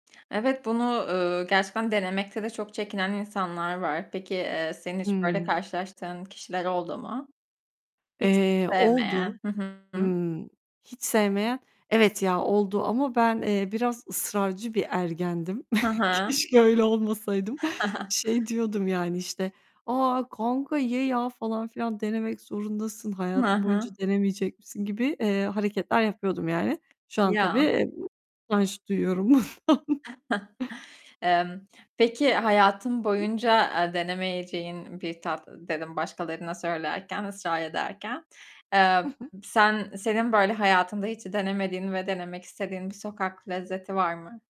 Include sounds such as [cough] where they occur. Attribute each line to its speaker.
Speaker 1: Evet bunu, eee, gerçekten denemekte de çok çekinen insanlar var. Peki, eee, senin hiç böyle
Speaker 2: Hımm.
Speaker 1: karşılaştığın kişiler oldu mu? Hiç
Speaker 2: Eee,
Speaker 1: sevmeyen,
Speaker 2: oldu.
Speaker 1: hı hı.
Speaker 2: Imm, hiç sevmeyen evet ya oldu ama ben, eee, biraz ısrarcı bir ergendim.
Speaker 1: Hı hı.
Speaker 2: Keşke öyle olmasaydım.
Speaker 1: [chuckles]
Speaker 2: Şey diyordum yani, işte, "A, kanka ye ya falan filan denemek zorundasın,
Speaker 1: Hı
Speaker 2: hayatın boyunca
Speaker 1: hı.
Speaker 2: denemeyecek misin?" gibi, eee, hareketler yapıyordum yani. Şu an tabii,
Speaker 1: Ya.
Speaker 2: eee, utanç duyuyorum bundan.
Speaker 1: [chuckles] Emm, peki hayatın boyunca, eee, denemeyeceğin bir tat dedim başkalarına söylerken, ısrar ederken.
Speaker 2: Hı
Speaker 1: Eee,
Speaker 2: hı.
Speaker 1: sen senin böyle hayatında hiç denemediğin ve denemek istediğin bir sokak lezzeti var mı?